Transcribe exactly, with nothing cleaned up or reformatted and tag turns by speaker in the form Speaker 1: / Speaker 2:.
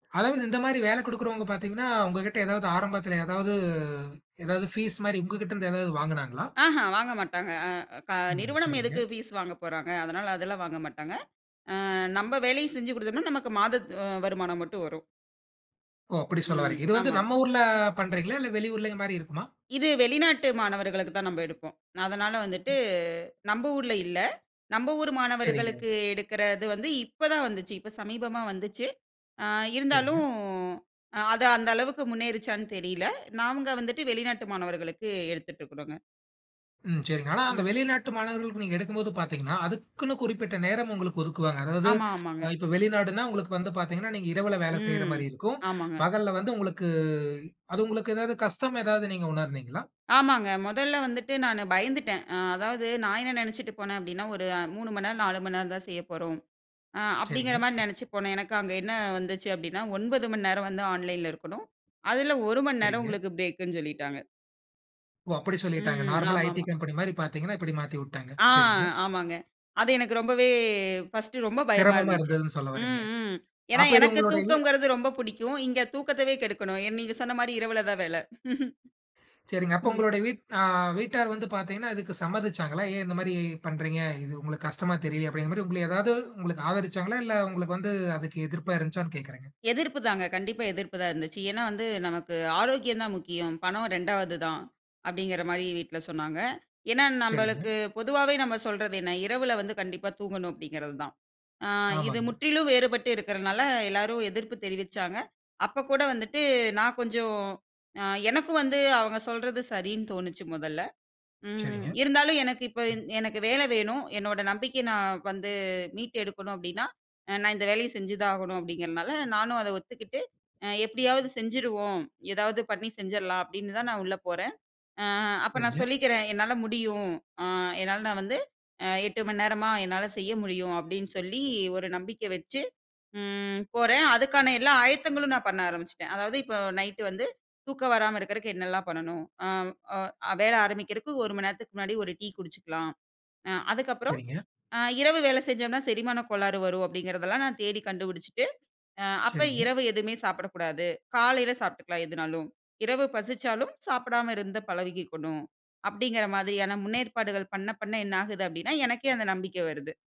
Speaker 1: அதாவது இந்த மாரி வேல குடுக்கிறவங்க பார்த்தீங்கன்னா உங்ககிட்ட ஏதாவது ஆரம்பத்துல ஏதாவது ஏதாவது ஃபீஸ் மாரி உங்ககிட்ட இருந்து ஏதாவது வாங்குனாங்களா?
Speaker 2: அஹ வாங்க மாட்டாங்க. அ க
Speaker 1: ம்,
Speaker 2: நிறுவனம்
Speaker 1: சரிங்க.
Speaker 2: எதுக்கு பீஸ் வாங்கப்போறாங்க, அதனால அதுலாம் வாங்க மாட்டாங்க. அ நம்ப வேலை செஞ்சு குடுத்தம்னா நமக்கு மாதத் அ வருமானம் மட்டும் வரும்.
Speaker 1: ஓ! அப்டி சொல்ல
Speaker 2: ம்.
Speaker 1: வர்றீங்க. இது வந்து
Speaker 2: ஆமாம்.
Speaker 1: நம்ம ஊர்ல பண்றீங்களா இல்ல வெளி ஊர்ல இந்த மாரி இருக்குமா?
Speaker 2: இது வெளிநாட்டு மாணவர்களுக்குத்தான் நம்ப எடுப்போம். அதனால வந்துட்டு நம்ப ஊர்ல இல்ல. நம்ப ஊர்
Speaker 1: சரிங்க.
Speaker 2: மாணவர்களுக்கு எடுக்கறது வந்து இப்பதான் வந்துச்சு. இப்ப சமீபமா வந்துச்சு. அ
Speaker 1: சரிங்க.
Speaker 2: இருந்தாலும் அ அது அந்த அளவுக்கு முன்னேறிச்சான்னு தெரியல. நாங்க வந்துட்டு வெளிநாட்டு மாணவர்களுக்கு எடுத்துட்டு இருக்குறோங்க.
Speaker 1: ம், சரிங்க. ஆனா அந்த
Speaker 2: ம்.
Speaker 1: வெளிநாட்டு மாணவர்களுக்கு நீங்க எடுக்கும்போது பாத்தீங்கன்னா அதுக்குன்னு குறிப்பிட்ட நேரம் ஒங்களுக்கு ஒதுக்குவாங்க. அதாவது
Speaker 2: ஆமா,
Speaker 1: அ
Speaker 2: ஆமாங்க.
Speaker 1: இப்ப வெளிநாடுன்னா உங்களுக்கு வந்து பாத்தீங்கன்னா, நீங்க இரவுல வேல செய்யுற
Speaker 2: ம்.
Speaker 1: மாரி இருக்கும்.
Speaker 2: ஆமாங்க.
Speaker 1: பகல்ல வந்து உங்களுக்கு அது உங்களுக்கு ஏதாவது கஷ்டம் ஏதாவது நீங்க உணர்தீங்களா?
Speaker 2: ஆமாங்க. மொதல்ல வந்துட்டு நானு பயந்துட்டன். அ அதாவது நான் என்ன நெனச்சுட்டு போனன் அப்டின்னா ஒரு மூணு மணி நேரம், நாலு மணி நேரம்தான் செய்யப்போறோம். அ
Speaker 1: சரிங்க.
Speaker 2: அப்டிங்கிற மாரி நெனச்சு போனன். எனக்கு அங்க என்ன வந்துச்சு அப்டின்னா ஒன்பது மணி நேரம் வந்து ஆன்லைன்ல இருக்கணும். அதுல ஒரு மணி நேரம்
Speaker 1: சரிங்க.
Speaker 2: உங்களுக்கு பிரேக்குன்னு சொல்லிட்டாங்க.
Speaker 1: ஓ! அப்டி சொல்லிட்டாங்க.
Speaker 2: ம்.
Speaker 1: நார்மலா ஐடி
Speaker 2: ஆமாமா.
Speaker 1: கம்பனி மாரி பார்த்தீங்கன்னா இப்டி மாத்திவுட்டாங்க,
Speaker 2: ஆ,
Speaker 1: சரிங்க.
Speaker 2: ஆமாங்க. அது எனக்கு ரொம்பவே பஸ்ட்டு ரொம்ப பயமா
Speaker 1: சிரமமா
Speaker 2: இருந்துச்சு.
Speaker 1: இருந்ததுன்னு சொல்ல வறீங்க.
Speaker 2: ம், ம். ஏன்னா
Speaker 1: அப்ப இது
Speaker 2: எனக்குத்
Speaker 1: உங்களோட இது
Speaker 2: தூக்கங்கிறது ரொம்ப புடிக்கும். இங்க தூக்கத்தைவே கெடுக்கணும். என் நீங்கச் சொன்ன மாரி இரவுலதான் வேல.
Speaker 1: சரிங்க. அப்ப
Speaker 2: ம்.
Speaker 1: உங்களுட வீட் அ வீட்டார் வந்து பாத்தீங்கன்னா இதுக்கு சம்மதிச்சாங்களா, "ஏன் இந்த மாரி பண்றீங்க? இது உங்களுக்கு கஷ்டமா தெரியலையா?" அப்டிங்கற மாரி உங்கள ஏதாவது உங்களுக்கு ஆதரிச்சாங்களா, இல்ல உங்களுக்கு வந்து அதுக்கு எதிர்ப்பா இருந்துச்சான்னு கேக்குறன்ங்க.
Speaker 2: எதிர்ப்பு தாங்க. கண்டிப்பா எதிர்ப்பு தான் இருந்துச்சு. ஏனா வந்து, "நமக்கு ஆரோக்கியம்தான் முக்கியம். பணம் ரெண்டாவது தான்." அப்டிங்கிற மாரி வீட்ல சொன்னாங்க. ஏன்னா
Speaker 1: சரிங்க.
Speaker 2: நம்மளுக்கு பொதுவாவே நம்ம சொல்றது என்ன? இரவுல வந்து கண்டிப்பா தூங்கணும் அப்டிங்கிறதுதான். அ இது
Speaker 1: ஆமாங்க.
Speaker 2: முற்றிலும் வேறுபட்டு இருக்கறதுனால எல்லாரும் எதிர்ப்பு தெரிவிச்சாங்க. அப்பக் கூட வந்துட்டு நான் கொஞ்சம் அ எனக்கும் வந்து அவங்க சொல்றது சரின்னு தோணுச்சு மொதல்ல. ம்.
Speaker 1: சரிங்க.
Speaker 2: இருந்தாலும் எனக்கு இப்ப இந் எனக்கு வேல வேணும். என்னோட நம்பிக்கைய நான் வந்து மீட்டு எடுக்கணும் அப்டின்னா அ நான் இந்த வேலைய செஞ்சுதா ஆகணும் அப்டிங்கிறதுனால நானும் அத ஒத்துக்கிட்டு. அ எப்டியாவது செஞ்சிருவோம். ஏதாவது பண்ணி செஞ்சிரலாம் அப்டின்னுதான் நான் உள்ள போறன். அ அப்ப நான்
Speaker 1: சரிங்க.
Speaker 2: சொல்லிக்கிறன். "என்னால முடியும். அ என்னால நான் வந்து அ எட்டு மணி நேரமா என்னால செய்ய முடியும்." அப்டின்னு சொல்லி ஒரு நம்பிக்க வச்சு ம் போறன். அதுக்கான எல்லா ஆயத்தங்களும் நான் பண்ண ஆரம்பிச்சிட்டன். அதாவது இப்ப நைட்டு வந்து தூக்கம் வராம இருக்கறதுக்கு என்னெல்லாம் பண்ணணும், ஆம். அ வேல ஆரம்பிக்கறதுக்கு ஒரு மணி நேரத்துக்கு முன்னாடி ஒரு டீ குடிச்சுக்கலாம். அ அதுக்கப்புறம்
Speaker 1: சரிங்க.
Speaker 2: அ இரவு வேல செஞ்சம்னா செரிமானக் கோளாறு வரும் அப்டிங்கிறதுலாம் நான் தேடி கண்டுபிடிச்சுட்டு, அ அப்ப
Speaker 1: சரிங்க.
Speaker 2: இரவு எதுமே சாப்புடக் கூடாது. காலையில சாப்ட்டுக்கலாம் எதனாலும். இரவு பசிச்சாலும் சாப்படாம இருந்த பழகிக்கணும். அப்டிங்கிற மாதிரியான முன்னேற்பாடுகள் பண்ண, பண்ண என்னாகுது அப்டின்னா எனக்கே அந்த நம்பிக்க வருது.